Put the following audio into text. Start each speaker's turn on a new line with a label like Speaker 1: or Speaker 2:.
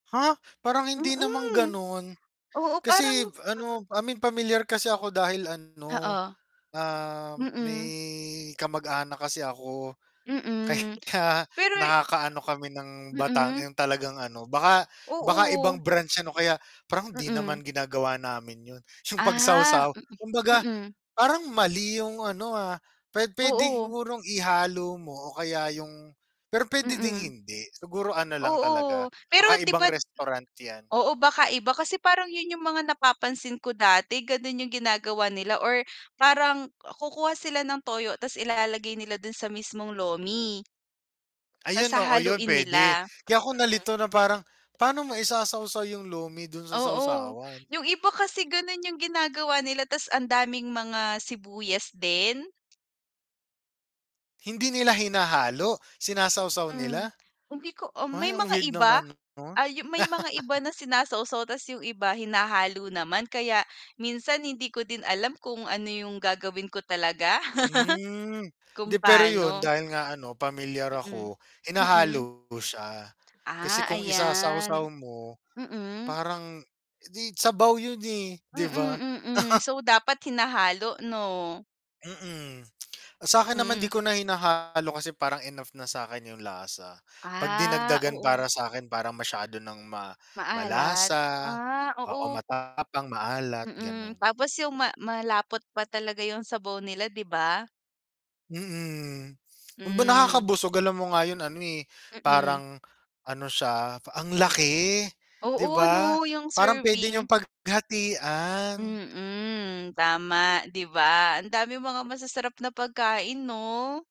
Speaker 1: Ha? Parang hindi namang
Speaker 2: Mm.
Speaker 1: ganon,
Speaker 2: Oo parang
Speaker 1: kasi
Speaker 2: mm.
Speaker 1: ano I mean pamilyar kasi ako dahil ano,
Speaker 2: Oo.
Speaker 1: ah, may
Speaker 2: Mm.
Speaker 1: kamag-anak kasi ako. Ka
Speaker 2: Mm,
Speaker 1: ya
Speaker 2: pero
Speaker 1: nakakaano kami ng
Speaker 2: [unintelligible]
Speaker 1: batang
Speaker 2: Mm.
Speaker 1: yung talagang ano, baka baka
Speaker 2: Oo.
Speaker 1: ibang branch yan o kaya parang hindi naman
Speaker 2: Mm.
Speaker 1: ginagawa namin yun yung
Speaker 2: Ah,
Speaker 1: pagsawsaw,
Speaker 2: mm,
Speaker 1: kumbaga
Speaker 2: mm.
Speaker 1: parang mali yung ano, ah, puwe puwede
Speaker 2: Oo.
Speaker 1: sigurong ihalo mo o kaya yung pero puwede ding
Speaker 2: Mm.
Speaker 1: hindi, siguro ano lang
Speaker 2: Oo,
Speaker 1: talaga,
Speaker 2: pero
Speaker 1: baka
Speaker 2: diba
Speaker 1: ibang restaurant yan.
Speaker 2: oo baka iba kasi parang yun yung mga napapansin ko dati ganon yung ginagawa nila, or parang kukuha sila ng toyo ta's ilalagay nila dun sa mismong lomi. Ta's
Speaker 1: Ayun oo yun
Speaker 2: hahaluin
Speaker 1: puwede,
Speaker 2: nila.
Speaker 1: kaya ako
Speaker 2: Mm.
Speaker 1: nalito na parang, pa'no mo isasawsaw yung lumi dun sa
Speaker 2: Oo,
Speaker 1: sawsawan?
Speaker 2: yung iba kasi ganun yung ginagawa nila tas ang daming mga sibuyas din.
Speaker 1: Hindi nila hinahalo, sinasawsaw
Speaker 2: Hmm,
Speaker 1: nila?
Speaker 2: hindi ko ah, may
Speaker 1: Ay ang
Speaker 2: mga
Speaker 1: weird
Speaker 2: iba,
Speaker 1: naman nun.
Speaker 2: ah, yung may mga iba na sinasawsaw ta's yung iba hinahalo naman kaya, minsan hindi ko din alam kung ano yung gagawin ko talaga.
Speaker 1: Hmm, hindi
Speaker 2: Kung
Speaker 1: pero yun
Speaker 2: paano.
Speaker 1: dahil nga ano pamilyar
Speaker 2: Mm,
Speaker 1: ako
Speaker 2: mm.
Speaker 1: hinahalo siya, kasi
Speaker 2: Ah,
Speaker 1: kung isasawsaw
Speaker 2: ayan
Speaker 1: mo,
Speaker 2: Mm.
Speaker 1: parang, eh, sabaw yun, eh, 'di ba?
Speaker 2: Mm, mm, so dapat hinahalo 'no?
Speaker 1: Mm, sa'kin naman 'di
Speaker 2: Hmm.
Speaker 1: ko na hinahalo kasi parang enough na sa'kin yung lasa, 'pag
Speaker 2: Ah,
Speaker 1: dinagdagan
Speaker 2: oo.
Speaker 1: para sa'kin, parang masyado ng ma
Speaker 2: Maalat,
Speaker 1: malasa
Speaker 2: ah,
Speaker 1: oo,
Speaker 2: oo.
Speaker 1: matapang, maalat
Speaker 2: Mm,
Speaker 1: ganon.
Speaker 2: tapos yung ma malapot pa talaga yung sabaw nila 'di ba?
Speaker 1: Mm, kung ba
Speaker 2: Hmm.
Speaker 1: nakakabusog alam mo nga yung ano, eh,
Speaker 2: Mm.
Speaker 1: parang ano siya, ang laki 'di
Speaker 2: Oo
Speaker 1: ba,
Speaker 2: 'no, yung
Speaker 1: parang pwede
Speaker 2: serving.
Speaker 1: niyong paghatian.
Speaker 2: Mm, tama, 'di ba ang daming mga masasarap na pagkain 'no?